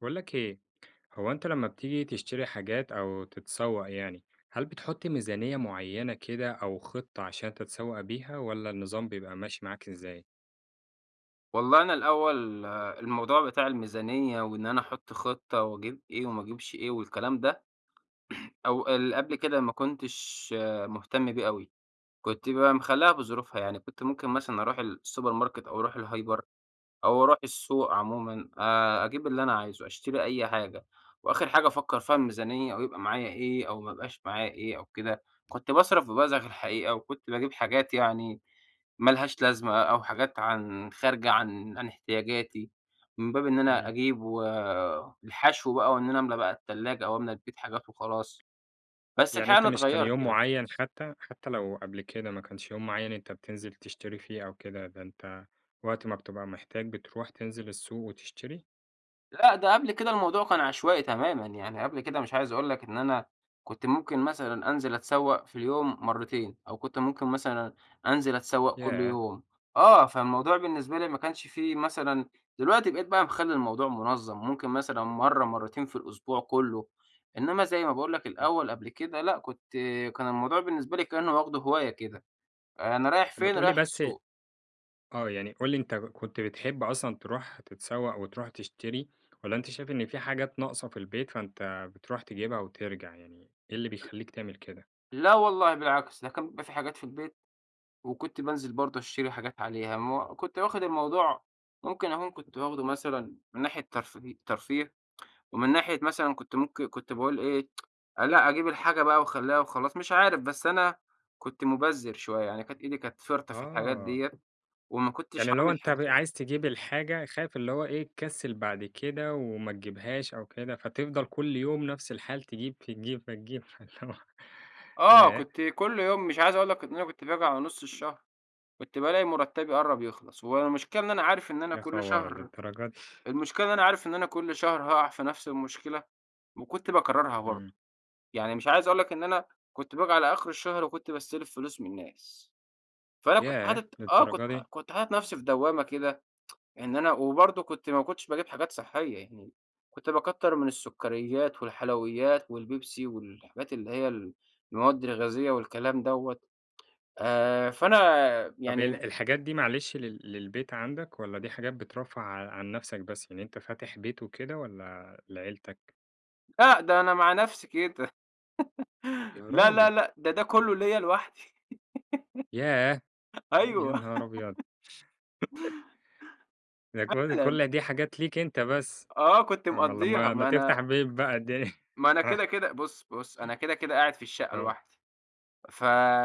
باقول لك إيه، هو أنت لمّا بتيجي تشتري حاجات أو تتسوّق يعني، هل بتحط ميزانية معيّنة كده أو خطة عشان تتسوّق بيها، والّا النظام بيبقى ماشي معاك إزاي؟ والله أنا الأول الموضوع بتاع الميزانية وإن أنا أحُط خطة واجيب إيه وما اجيبش إيه والكلام ده أو اللي قبل كده ما كنتش مهتم بيه أوي، كنت بقى مخليها بظروفها يعني، كنت ممكن مثلًا أروح السوبر ماركت أو أروح الهايبر أو أروح السوق عمومًا، آآ، أجيب اللي أنا عايزه، أشتري أي حاجة وآخر حاجة أفكر فيها الميزانية أو يبقى معايا إيه أو ما يبقاش معايا إيه أو كده. كنت باصرف ببذخ الحقيقة وكنت باجيب حاجات يعني ما لهاش لازمة أو حاجات عن خارجة عن عن احتياجاتي من باب إن أنا امم. أجيب والحشو بقى، وإن أنا املا بقى التلاجة أو املا البيت حاجات وخلاص، بس يعني الحقيقة أنت أنا مش كان اتغيَّرت يوم يعني. معيّن، حتى- حتى لو قبل كده ما كانش يوم معيّن أنت بتنزل تشتري فيه أو كده، ده أنت وقت ما بتبقى محتاج بتروح تنزل السوق وتشتري؟ لأ، ده قبل كده الموضوع كان عشوائي تمامًا يعني، قبل كده مش عايز أقول لك إن أنا كنت ممكن مثلًا أنزل أتسوّق في اليوم مرتين، أو كنت ممكن مثلًا أنزل أتسوّق كل ياه! يوم. آه، فالموضوع بالنسبة لي ما كانش فيه مثلًا دلوقتي بقيت بقى مخلّي الموضوع منظَّم، ممكن مثلًا مرة مرتين في الأسبوع كلّه، إنما زي ما باقول لك امم. الأول قبل كده لأ، كنت كان الموضوع بالنسبة لي كأن واخده هواية كده، أنا رايح طب ما فين؟ تقول لي رايح بس السوق. آه، يعني قُل لي أنت كنت بتحب أصلًا تروح تتسوّق وتروح تشتري، والّا أنت شايف إن في حاجات ناقصة في البيت، فأنت بتروح تجيبها وترجع يعني، إيه اللي أ بيخلّيك تعمل كده؟ لأ والله بالعكس، ده كان بيبقى في حاجات في البيت وكنت بانزل برضو أشتري حاجات عليها، ما كنت واخد الموضوع ممكن أكون كنت واخده مثلًا من ناحية ترفي ترفيه، ومن ناحية مثلًا كنت ممك كنت باقول إيه، لأ أجيب الحاجة بقى واخلّيها وخلاص مش عارف، بس أنا كنت مبذّر شوية يعني، كانت إيدي كانت فِرطة في الحاجات آه. ديّة وما كنتش يعني اللي هو عامل أنت ب حساب عايز تجيب الحاجة خايف اللي هو إيه تكسل بعد كده وما تجيبهاش أو كده، فتفضل كل يوم نفس الحال، تجيب تجيب فتجيب، فاللي هو آه، ياه! كنت كل يوم مش عايز أقول لك إن أنا كنت باجي على نُص الشهر كنت بالاقى مرتّبي قرّب يخلص، والمشكلة إن أنا عارف إن أنا يا كل خبر! شهر للدرجة دي؟ المشكلة إن أنا عارف إن أنا كل شهر هاقع في نفس المشكلة، وكنت باكررها امم. برضو. يعني مش عايز أقول لك إن أنا كنت باجي على آخر الشهر وكنت باستلف فلوس من الناس، فأنا كنت ياه! حاطط آه، كنت للدرجة ح دي؟ كنت حاطط نفسي في دوامة كده إن أنا وبرضو كنت ما كنتش باجيب حاجات صحية يعني، كنت باكتّر من السكريات والحلويات والبيبسي والحاجات اللي هي ال المواد الغازية والكلام دوّة، آآ، فأنا طب هي ال يعني الحاجات دي معلش لل للبيت عندك، والّا دي حاجات بترفّه ع عن نَفسك بس، يعني أنت فاتح بيت وكده والّا لعيلتك؟ لأ، ده أنا مع نفسي كده، يا لا، لا، راجل! لا، ده ده كله ليّا لوحدي ياه! يا أيوه.. نهار أبيض! ده ك فعلًا. كل دي حاجات ليك أنت بس، آه، كنت أُمّال مقضّيها لمّا لمّا ما أنا تفتح بيت بقى الدي ما أنا كده كده بُصّ بُصّ، أنا كده كده قاعد في الشقة آه. لوحدي،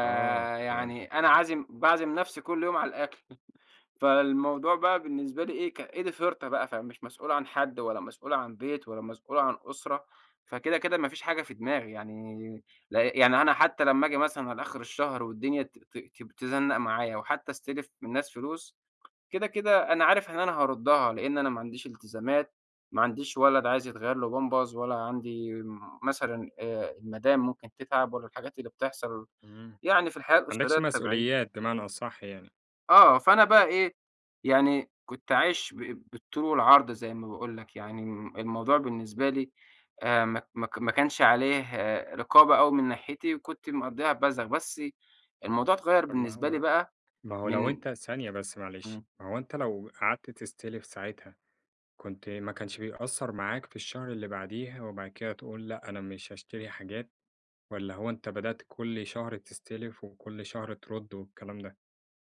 آه، تمام. أنا عازم باعزم نفسي كل يوم على الأكل، فالموضوع بقى بالنسبة لي إيه ك إيدي فِرطة بقى، فمش مسؤول عن حد ولا مسؤول عن بيت ولا مسؤول عن أسرة، فكده كده ما فيش حاجة في دماغي يعني، ل يعني أنا حتى لمّا آجي مثلًا أنا على آخر الشهر والدنيا ت ت ت تزَنّق معايا وحتى أستلف من ناس فلوس، كده كده أنا عارف إن أنا هاردّها لأن أنا ما عنديش التزامات، ما عنديش ولد عايز يتغير له بامبرز، ولا عندي مثلًا آآ، المدام ممكن تتعب ولا الحاجات اللي بتحصل إمم، ما يعني في الحياة عندكش الأسرية الطبيعية. مسؤوليات بمعنى أصح يعني. آه، فأنا بقى إيه، يعني كنت عايش ب بالطول والعرض زي ما باقول لك يعني، الم الموضوع بالنسبة لي آآ، مك مك ما كانش عليه رقابة أوي من ناحيتي وكنت مقضيها بذخ، بس الموضوع اتغيّر طب ما بالنسبة لي هو بقى ما هو لو من أنت ثانية بس معلش، إمم. ما هو أنت لو قعدت تستلف ساعتها، كنت ما كانش بيأثّر معاك في الشهر اللي بعديه وبعد كده تقول لأ، أنا مش هاشتري حاجات، والّا هو أنت بدأت كل شهر تستلف وكل شهر ترُدّ والكلام ده؟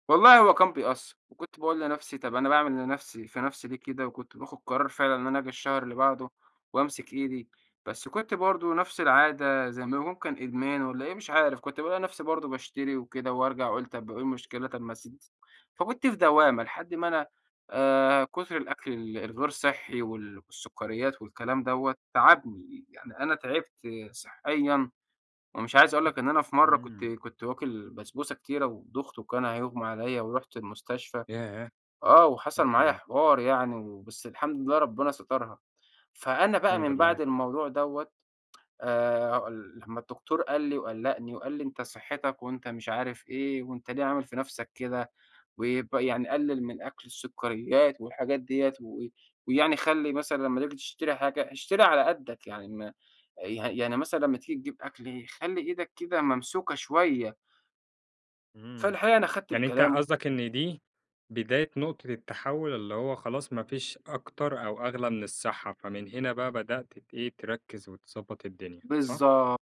والله هو كان بيأثّر. وكنت باقول لنفسي طب أنا باعمل لنفسي في نفسي ليه كده؟ وكنت باخد قرار فعلًا إن أنا أجي الشهر اللي بعده، وامسك إيدي. بس كنت برضه نفس العادة زي ما ممكن إدمان والّا إيه مش عارف. كنت بالاقى نفسي برضه باشتري وكده، وارجع أقول طب وإيه المشكلة؟ طب ما [unintelligible] فكنت في دوّامة لحد ما أنا آآ كتر الأكل ال الغير صحّي، وال والسُكريّات، والكلام دوّة، تعبني. يعني أنا تعبت صحّيًا، ومش عايز أقول لك إن أنا في مرّة كنت إمم. كنت واكل بسبوسة كتيرة ودُخت، وكان هيُغمى علىّا، ورُحت المستشفى ياه! آه. وحصل يا معايا خبر! حوار يعني وبس الحمد لله ربنا سترها. فأنا بقى الحمد من لله. بعد الموضوع دوّة آآ هاقول لمّا الدكتور قال لي، وقلّقني، وقال لي: "أنت صحّتك، وأنت مش عارف إيه، وأنت ليه عامل في نفسك كده؟ ويبقى يعني قلل من أكل السُكريّات والحاجات ديّة، و ويعني خلّي مثلًا لمّا تييجي تشتري حاجة، اشتري على قدّك يعني م يعني يعني مثلًا لمّا تييجي تجيب أكل، خلّي إيدك كده ممسوكة شوية." إمم. فالحقيقة أنا خدت يعني أنت بكلامه. قصدك إن دي بداية نُقطة التحوّل اللي هو خلاص ما فيش أكتر أو أغلى من الصحّة. فمن هنا بقى بدأت ت إيه، تركّز، وتضبّط الدنيا صح؟ بالضبط.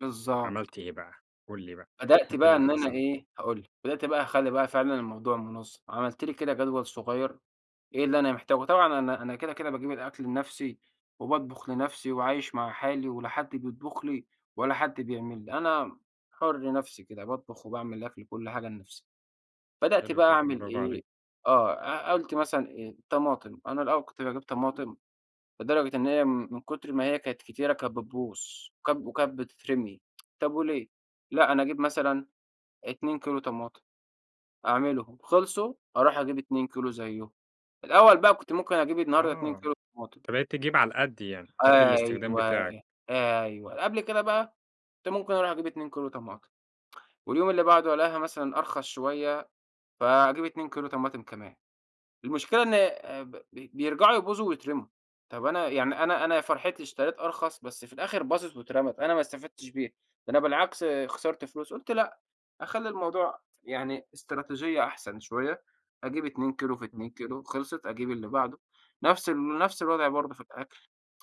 بالضبط. عملت إيه بقي؟ قُل لي بقى، بدأت إيه بقى اللي إن أنا حصل؟ إيه، هاقول لك. بدأت بقى أخلّي بقى فعلًا الموضوع مُنظّم. عملت لي كده جدول صغيّر إيه اللي أنا محتاجه؟ طبعًا أنا أنا كده، كده باجيب الأكل لنفسي، وباطبخ لنفسي، وعايش مع حالي ولا حد بيطبخ لي، ولا حد بيعمل لي. أنا حُر نفسي كده باطبخ وباعمل الأكل وكل حاجة لنفسي. بدأت حلو بقى جدًا، أعمل برافو عليك. إيه، آه. أ قلت مثلًا الطماطم. أنا الأول كنت باجيب طماطم لدرجة إن هي م من كتر ما هي كانت كتيرة، كانت بتبوظ، وك وكانت بتترمي. طب وليه؟ لأ أنا أجيب مثلًا 2 كيلو طماطم. أعملهم خلصوا، أروح أجيب 2 كيلو زيّهم. الأول بقي كنت ممكن أجيب النهارده 2 آه. كيلو طماطم. أنت بقيت تجيب على القَد يعني. قَد الاستخدام أيوه، بتاعك. أيوه. قبل كده بقى كنت ممكن أروح أجيب 2 كيلو طماطم. واليوم اللي بعده ألاقيها مثلًا أرخص شويّة فاجيب 2 كيلو طماطم كمان. المشكلة إن آآ ب بي بيرجعوا يبوظوا ويترَموا. طب أنا يعني أنا أنا يا فرحتي اشتريت أرخص بس في الآخر باظت واترَمَت. أنا ما استفدتش بيها، ده أنا بالعكس خسرت فلوس قُلت لأ. أخلّي الموضوع يعني إستراتيجية أحسن شوية. أجيب 2 كيلو في إمم. 2 كيلو. خلصت، أجيب اللي بعده. نفس ال نفس الوضع برضه في الأكل.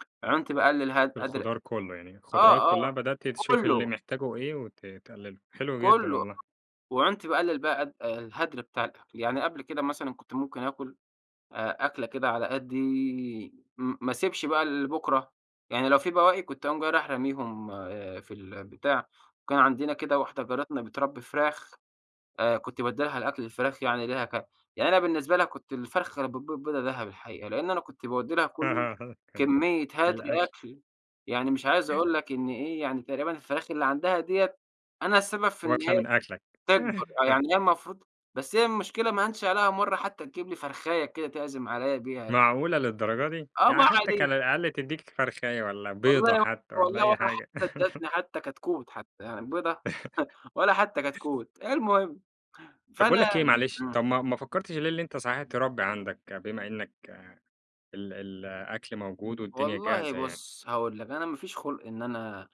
عُنت باقلّل هد في هدر الخضار كُلّه. يعني الخضروات آه، كُلّها آه. بدأت تشوف اللي وكُلّه. محتاجه إيه وت تقلله. حلو جدًا كله. والله. وعُنْت باقلّل بقي قد الهدر بتاع الأكل. يعني قبل كده مثلًا، كنت ممكن آكُل أ أكلة كده على قدّي م ما أسيبش بقى لبكرة. يعني لو في بواقي، كنت أقوم جاي رايح راميهم في البتاع. وكان عندنا كده واحدة جارتنا بترَبّي فراخ أ كنت بادّي لها الأكل الفراخ يعني ليها ك يعني أنا بالنسبة لها كنت الفرخة اللي بتبيض بيضة دهب الحقيقة. لإن أنا كنت باودّي لها كل [unintelligible] كميّة هدر الأكل. أكل يعني مش عايز أقول لك إن إيه، يعني تقريبًا الفراخ اللي عندها ديّة، أنا السبب في إن واكلة هي من أكلك. تكبر. آه. يعني هي المفروض بس هي المشكلة ما هانش عليها مرّة حتّى تجيب لي فَرخاية كده تعزم عليّا بيها. معقولة للدرجة دي! آه يعني ما حتّى علينا. كان على الأقل تدّيك فَرخاية، والّا بيضة والله و حتّى، والّا والله أي ولا حاجة. حتّى ادّتني حتّي كتكوت حتّى. يعني بيضة، ولا حتّى كتكوت. المهم، طب باقول لك فأنا إيه معلش، آمم. طب ما ما فكّرتش ليه اللي أنت صحيح تربّي عندك بما إنّك ال ال الأكل موجود، والدنيا والله جاهزة يعني؟ بُص، هاقول لك. أنا ما فيش خُلق إن أنا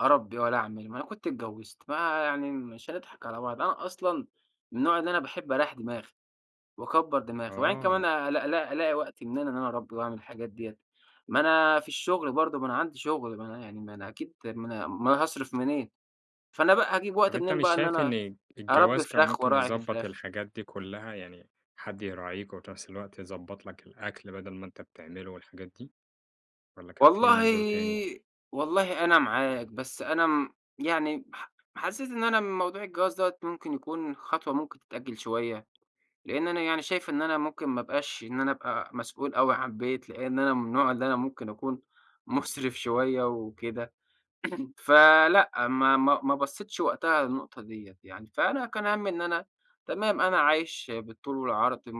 أرَبّي، ولا أعمل، ما أنا كنت اتجوّزت. ما يعني مش هنضحك على بعض. أنا أصلًا من النوع اللي أنا باحب أريّح دماغي، وأكبر دماغي. وبعدين كمان آه. أ ألاق ألاق ألاقي وقت منين إن أنا أرَبّي واعمل الحاجات ديّة. ما أنا في الشغل برضه ما أنا عندي شغل، ما أنا يعني ما أنا أكيد ما أنا أومال هاصرف منين؟ فأنا بقى هاجيب طب وقت أنت منين مش بقى إن شايف أنا إن أرَبّي الجواز كان فراخ، ممكن واراعي في يضبّط فراخ. الحاجات دي كُلّها؟ يعني حد يراعيك، وفي نفس الوقت يضبّط لك الأكل، بَدَل ما أنت بتعمله والحاجات دي، والّا كان في والله منظور تاني؟ والله أنا معاك. بس أنا امم يعني ح حسّيت إن أنا موضوع الجواز دوّة ممكن يكون خطوة ممكن تتأجّل شويّة. لإن أنا يعني شايف إن أنا ممكن ما أبقاش إن أنا أبقى مسؤول أوي عن بيت، لإن أنا من النوع اللي أنا ممكن أكون مُسرِف شوية وكده. فلأ، ما ما ما بصّيتش وقتها للنُقطة ديّة. يعني فأنا كان هَمّي إن أنا تمام أنا عايش بالطول والعرض م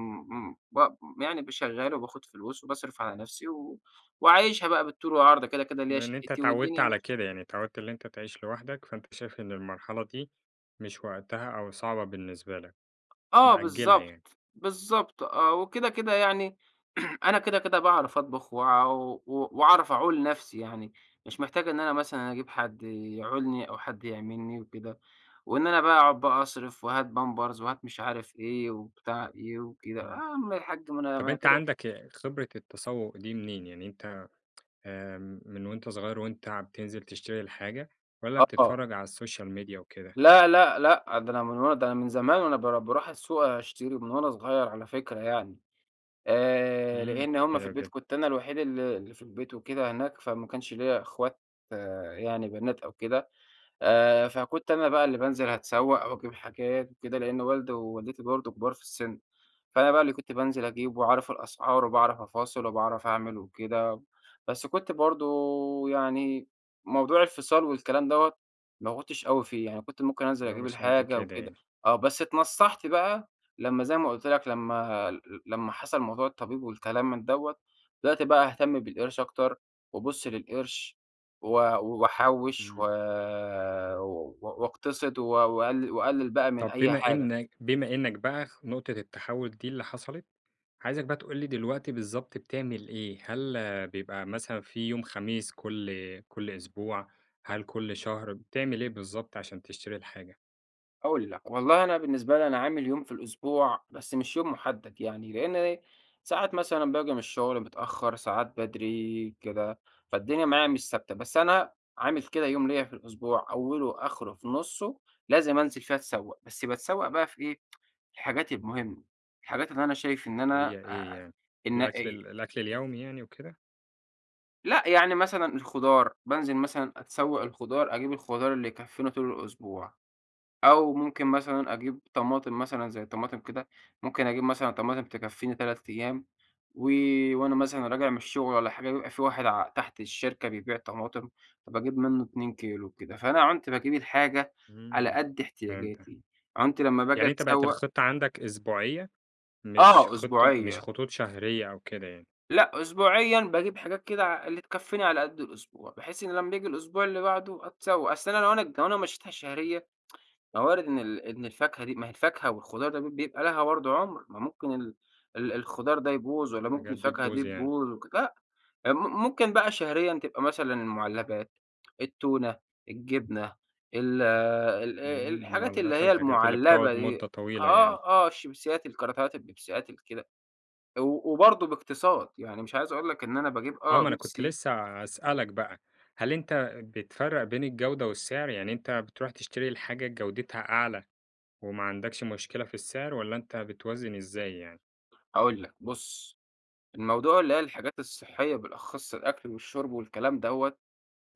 م ب يعني شّغال، وباخد فلوس، وباصرف على نفسي، و وعايشها بقى بالطول والعرض، ده كده كده ليّا لإن أنت شَقِّتي، اتعوّدت والدنيا على ماشية. كده. يعني اتعوّدت اللي أنت تعيش لوحدك، فأنت شايف إن المرحلة دي مش وقتها، أو صعبة بالنسبة لك. آه مأجّلها بالضبط. يعني. بالضبط آه. وكده، كده يعني أنا كده، كده باعرف أطبخ، وعو وع واعرف أعُول نفسي يعني. مش محتاج إن أنا مثلًا أنا أجيب حد يعُولني، أو حد يعمل لي وكده. وإن أنا باقعد بقي أصرف، وهات بامبرز، وهات مش عارف إيه، وبتاع إيه وكده. يا إمم. عَم الحاج ما أنا ما طب أنا أنت كدة كد عندك خبرة التسوّق دي منين؟ يعني أنت آمم من وأنت صغير وأنت ع بتنزل تشتري الحاجة، والّا آه. بتتفرّج على السوشيال ميديا وكده؟ لأ، لأ، لأ. ده أنا من وأنا ده أنا من زمان وأنا بار باروح السوق أشتري ومن وأنا صغير على فكرة يعني. آآ إمم. لإن هم في حلو البيت جدًا. كنت أنا الوحيد اللي اللي في البيت وكده هناك، فما كانش ليّا إخوات يعني بنات أو كده. آآ فكنت أنا بقى اللي بانزل هاتسوّق، أو أجيب حاجات وكده. لإن والدي، ووالدتي برضه كُبار في السِن. فأنا بقى اللي كنت بانزل أجيب واعرف الأسعار، وباعرف أفاصل، وباعرف أعمل وكده. بس كنت برضه يعني موضوع الفِصال والكلام دوّة، ما كنتش أوي فيه. يعني كنت ممكن أنزل اللي هو أجيب مش قَد الحاجة كده وكده يعني. آه. بس اتنصَّحت بقى لمّا زي ما قُلت لك لمّا ل لمّا حصل موضوع الطبيب والكلام من دوّة. دلوقتي بقى أهتَم بالقرش أكتر، وابُص للقرش، و واحوِّش، و إمم. و واقتصد و وأقل وأقلّل بقى من طب أي بما حاجة. إنّك بما إنّك بقى نُقطة التحوّل دي اللي حصلت، عايزك بقى تقول لي دلوقتي بالضبط بتعمل إيه؟ هل بيبقى مثلًا في يوم خميس كل كل أسبوع، هل كل شهر؟ بتعمل إيه بالضبط عشان تشتري الحاجة؟ هاقول لك، والله أنا بالنسبة لي أنا عامل يوم في الأسبوع بس مش يوم محدد، يعني لأن إيه، ساعات مثلًا باجي من الشغل متأخر ساعات بدري كده، فالدنيا معايا مش ثابتة. بس أنا عامل كده يوم ليّا في الأسبوع، أوله آخره في نُصّه لازم أنزل فيه أتسوّق، بس باتسوق بقى في إيه؟ الحاجات المهمة، الحاجات اللي أنا شايف إن اللي أنا هي إيه آآ، يعني؟ إن الأكل إي ال الأكل اليومي يعني وكده؟ لأ يعني مثلًا الخضار بانزل مثلًا أتسوّق الخضار، أجيب الخضار اللي يكفينا طول الأسبوع، أو ممكن مثلًا أجيب طماطم مثلًا زي طماطم كده، ممكن أجيب مثلًا طماطم تكفيني 3 أيام، و وأنا مثلًا راجع من الشغل والّا حاجة بيبقى في واحد ع تحت الشركة بيبيع طماطم، فباجيب منه 2 كيلو وكده، فأنا عُنْت باجيب الحاجة على امم، قدّ فهمتك. احتياجاتي، عُنْت لمّا باجي يعني أنت بقِت أتسوّق الخطة عندك أسبوعية؟ مش آه، خطة مش أسبوعية. خطوط شهرية أو كده يعني. لأ أسبوعيًا باجيب حاجات كده ع اللي تكفيني على قدّ الأسبوع بحيث إنه لمّا بييجي الأسبوع اللي بعده أتسوّق، أصل أنا لوأنا لوأنا مشّيتها شهريًا ما وارد إن ال إن الفاكهة دي ما هي الفاكهة والخضار ده بيبقى لها برضو عمر، ما ممكن ال ال الخضار ده يبوظ والّا ممكن الحاجات دي الفاكهة دي تبوظ يعني. تبوظ وك لأ، م ممكن بقى شهريًا تبقى مثلًا المعلبات، التونة، الجبنة، ال ال امم، الحاجات اللي المعلبات هي والحاجات اللي المعلبة بتقعد دي، مدة طويلة يعني. آه آه، الشيبسيات، الكراتيهات، البيبسيات، الكده، و وبرضو باقتصاد يعني مش عايز أقول لك إن أنا باجيب آه آه ما أنا كنت بيبسي لسه هاسألك بقى: هل أنت بتفرّق بين الجودة والسعر، يعني أنت بتروح تشتري الحاجة جودتها أعلى وما عندكش مشكلة في السعر، والّا أنت بتوازِن إزاي يعني؟ هاقول لك، بُصّ، الموضوع اللي هي الحاجات الصحية بالأخص الأكل والشرب والكلام دوّة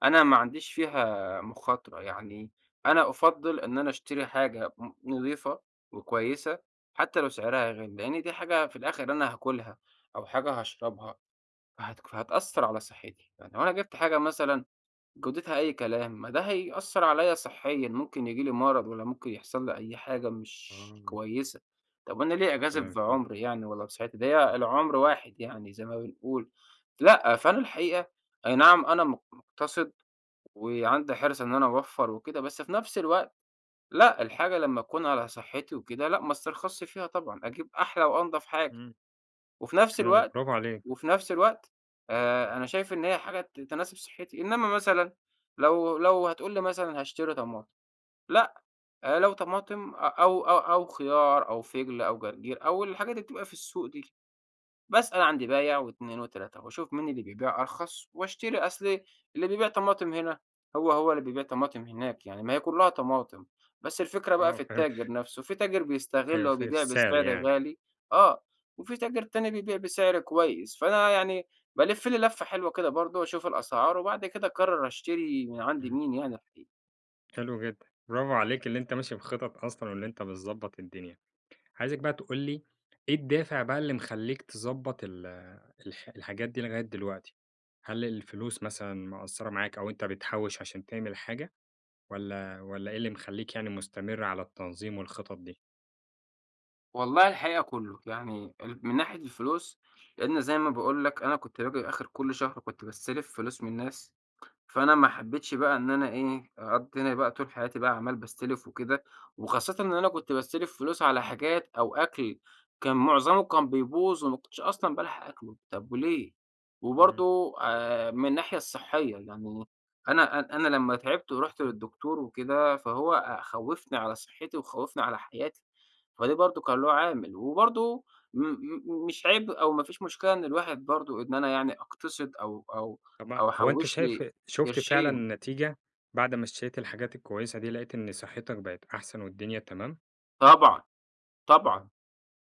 أنا ما عنديش فيها مخاطرة، يعني أنا أُفضِّل إن أنا أشتري حاجة ن نظيفة وكويسة حتى لو سعرها غالي؛ لأن دي حاجة في الآخر أنا هاكلها أو حاجة هاشربها، فهت فهتأثّر على صحتي. يعني لو أنا جبت حاجة مثلًا جودتها أي كلام، ما ده هيأثّر عليَّ صحيًا، ممكن ييجي لي مرض والّا ممكن يحصل لي أي حاجة مش آه. كويسة، طب أنا ليه أجازف تمام فهمتك. بعمري يعني والّا بصحتي؟ ده هي العمر واحد يعني زي ما بنقول، لأ فأنا الحقيقة أي نعم أنا م مُقتصد وعندي حرص إن أنا أوفّر وكده، بس في نفس الوقت لأ، الحاجة لمّا تكون على صحتي وكده، لأ ما استرخصش فيها طبعًا، أجيب أحلى وأنظف حاجة. إمم، وفي نفس حلو، الوقت، براڤو عليك. وفي نفس الوقت آآ، أنا شايف إن هي حاجة ت تناسب صحتي، إنما مثلًا لو لو هتقول لي مثلًا هاشتري طماطم، لأ آآ لو طماطم أ أو أو خيار أو فِجل أو جرجير أو الحاجات اللي بتبقى في السوق دي، باسأل عند بايع و2 و3، وأشوف مين اللي بيبيع أرخص واشتري، أصل اللي بيبيع طماطم هنا هو هو اللي بيبيع طماطم هناك يعني، ما هي كلّها طماطم، بس الفكرة بقى آه في فهمت. التاجر نَفسه، في تاجر بيستغل أيوه، ف أو في بيبيع السعر بسعر يعني. غالي، آه، وفي تاجر تاني بيبيع بسعر كويس، فأنا يعني بالِفّ لي لَفّة حلوة كده برضو أشوف الأسعار، وبعد كده أقرر أشتري من عند إمم. مين يعني الحقيق حلو جدًا، برافو عليك اللي أنت ماشي بخطط أصلًا وإن أنت بتضبّط الدنيا. عايزك بقى تقول لي إيه الدافع بقى اللي مخلّيك تضبّط ال الح الحاجات دي لغاية دلوقتي؟ هل الفلوس مثلًا مقصّرة معاك أو أنت بتحوّش عشان تعمل حاجة، والّا والّا إيه اللي مخلّيك يعني مستمر على التنظيم والخطط دي؟ والله الحقيقة كلّه، يعني ال من ناحية الفلوس، لأن زي ما باقول لك أنا كنت باجي آخر كل شهر كنت باستلف فلوس من ناس، فأنا ما حبيتش بقى إن أنا إيه أقضّيني بقى طول حياتي بقى عمّال باستلف وكده، وخاصةً إن أنا كنت باستلف فلوس على حاجات أو أكل كان معظمه كان بيبوظ وما كنتش أصلًا بالحق آكله، طب وليه؟ إمم. وبرضو آآ، من الناحية الصحية، يعني أنا أ أنا لمّا تعبت ورُحت للدكتور وكده، فهو خوّفني على صحتي وخوّفني على حياتي، فده برضو كان له عامل، وبرضو م م مش عيب أو ما فيش مشكلة إن الواحد برضو إن أنا يعني أقتصد أو أو طب ما أو هو أنت أحوّش شايف لي شُفت قرشين. فعلًا نتيجة بعد ما اشتريت الحاجات الكويسة دي، لقيت إن صحتك بقت أحسن والدنيا تمام؟ طبعًا، طبعًا،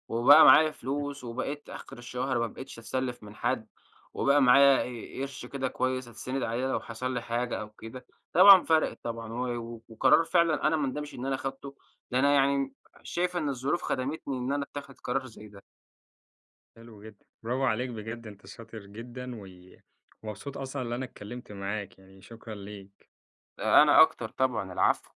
وبقى معايا إمم. فلوس، وبقيت آخر الشهر ما بقيتش أتسلّف من حد، وبقى معايا ق قرش كده كويس أتسند عليه لو حصل لي حاجة أو كده، طبعًا فرقِت طبعًا، و وقرار فعلًا أنا ما اندمش إن أنا خدته، ده أنا يعني شايف إن الظروف خدمتني إن أنا أتخِذ قرار زي ده. حلو جدًا، برافوعليك بجد أنت شاطر جدًا، و ومبسوط أصلًا اللي أنا اتكلمت معاك يعني، شكرًا ليك. أنا أكتر طبعًا، العفو.